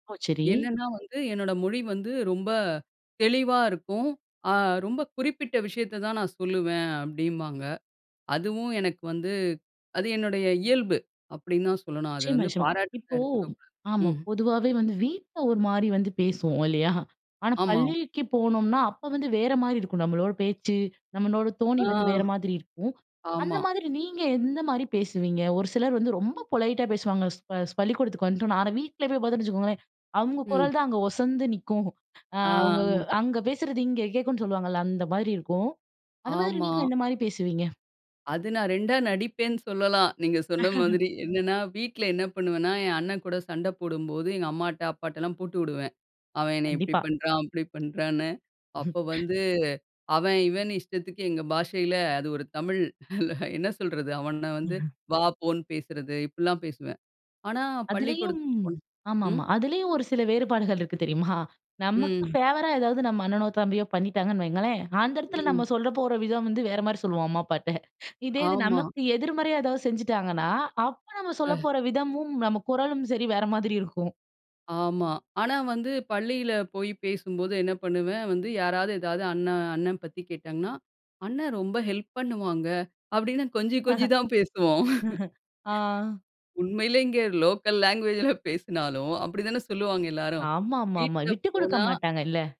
ஓ! சரி. என்னன்னா வந்து, என்னோட மொழி வந்து ரொம்ப தெளிவா இருக்கும். அ ரொம்ப குறிப்பிட்ட விஷயத்த தான் நான் சொல்லுவேன் அப்பிடிம்பாங்க. அதுவும் எனக்கு வந்து அது என்னுடைய இயல்பு, அப்பிடின்னு தான் சொல்லணும். அத நிச்சயமா, வந்து நிச்சயமா. பாராட்டுறதா இப்போ எடுத்துக்கக்கூடாது ஆமா ம். பொதுவாவே வந்து வீட்ல ஒருமாரி வந்து பேசுவோம் இல்லயா! ஆனா ஆமா. பள்ளிக்கு போனோம்ன்னா, அப்ப வந்து வேறமாரி இருக்கும், நம்மளோட பேச்சு, நம்மளோட தொனி ஆ. வந்து வேற மாதிரி இருக்கும். அந்த ஆமா. மாதிரி நீங்க எந்த மாதிரி பேசுவீங்க? ஒரு சிலர் வந்து ரொம்ப ம். பொலைட்டா பேசுவாங்க. ஸ்ப ஸ் பள்ளிக்கூடத்துக்கு வந்துட்டோன்னா. ஆனா வீட்ல போய் பார்த்தோன்னு வச்சுக்கோங்களேன், அவுங்க ம். குரல் தான் அங்க ஒசந்து நிக்கும் அ அவுங்க ஆ. அங்க பேசுறது இங்க கேக்குன்னு சொல்லுவாங்கல்ல, அந்த மாதிரி இருக்கும். அந்த மாதிரி ஆமா. நீங்க எந்தமாரி பேசுவீங்க? அது நான் ரெண்டா நடிப்பேன்னு சொல்லலாம். நீங்க சொன்ன மாதிரி. என்னன்னா, வீட்ல என்ன பண்ணுவேன்னா, என் அண்ணன் கூட சண்டை போடும்போது, எங்க அம்மாட்ட அப்பாட்டலாம் போட்டு விடுவேன். அவன் என்னைய இப்பிடி கண்டிப்பா. பண்றான், அப்பிடி பண்றான்னு. அப்ப வந்து, அவன் இவனு இஷ்டத்துக்கு எங்க பாஷையில அது ஒரு தமிழ் [unintelligible] என்ன சொல்றது அவன வந்து, வா, போன்னு பேசுறது இப்புட்லாம் பேசுவேன். ஆனா அதுலயும் பள்ளிக்கூடத்துக்கு போனா ஆமா, ஆமா. ம். அதிலயும் ஒரு சில வேறுபாடுகள் இருக்கு தெரியுமா? நமக்கு ம். ஃபேவரா ஏதாவது நம்ம அண்ணனோ, தம்பியோ பண்ணிட்டாங்கன்னு வையுங்களேன், அந்த இடத்துல ம். நம்ம சொல்ல போற விதம் வந்து வேறமாரி சொல்லுவோம், அம்மா அப்பாட்ட. இதே இது ஆமா. நமக்கு எதிர்மறையா எதாவது செஞ்சுட்டாங்கன்னா, அப்போ நம்ம சொல்ல அ. போற விதமும், நம்ம குரலும் சரி வேற மாதிரி இருக்கும். ஆமா. ஆனா வந்து பள்ளியில போய் பேசும்போது என்ன பண்ணுவேன் வந்து, யாராவது ஏதாவது அண்ணன் அண்ணன் பத்தி கேட்டாங்கன்னா, "அண்ணன் ரொம்ப ஹெல்ப் பண்ணுவாங்க" அப்பிடின்னு கொஞ்சி, கொஞ்சி தான் பேசுவோம். ஆ. உண்மையிலேங்க லோக்கல் லாங்குவேஜ்ல பேசுனாலும் அப்பிடி தான சொல்லுவாங்க எல்லாரும். ஆமா, ஆமா, ஆமா. வீட்ல விட்டுக்குடுக்க போனா மாட்டாங்க இல்ல!